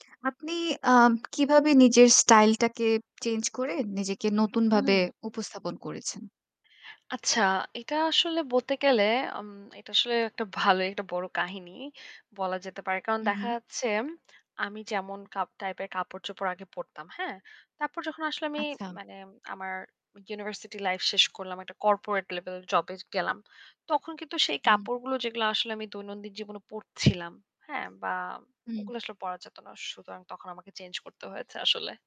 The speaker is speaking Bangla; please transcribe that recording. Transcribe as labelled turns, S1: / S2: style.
S1: আপনি আম কিভাবে নিজের স্টাইলটাকে চেঞ্জ করে নিজেকে নতুনভাবে
S2: হুম।
S1: উপস্থাপন করেছেন?
S2: আচ্ছা, এটা আসলে বলতে গেলে আম এটা আসলে একটা ভালোই একটা বড় কাহিনী বলা যেতে পারে। কারণ
S1: হু,
S2: দেখা
S1: হু।
S2: যাচ্ছে ম আমি যেমন কাপ টাইপের কাপড়-চোপড় আগে পড়তাম। হ্যাঁ? তারপর যখন আসলে আমি
S1: আচ্ছা।
S2: মানে আমার ইউনিভার্সিটি লাইফ শেষ করলাম। একটা কর্পোরেট লেভেল জব এ গেলাম। তখন কিন্তু সেই
S1: হুম।
S2: কাপড়গুলো যেগুলো আসলে আমি দৈনন্দিন জীবনে পড়ছিলাম। হ্যাঁ? বা
S1: হুম।
S2: ওগুলো আসলে পড়া যেত না। সুতরাং তখন আমাকে চেঞ্জ করতে হয়েছে আসলে।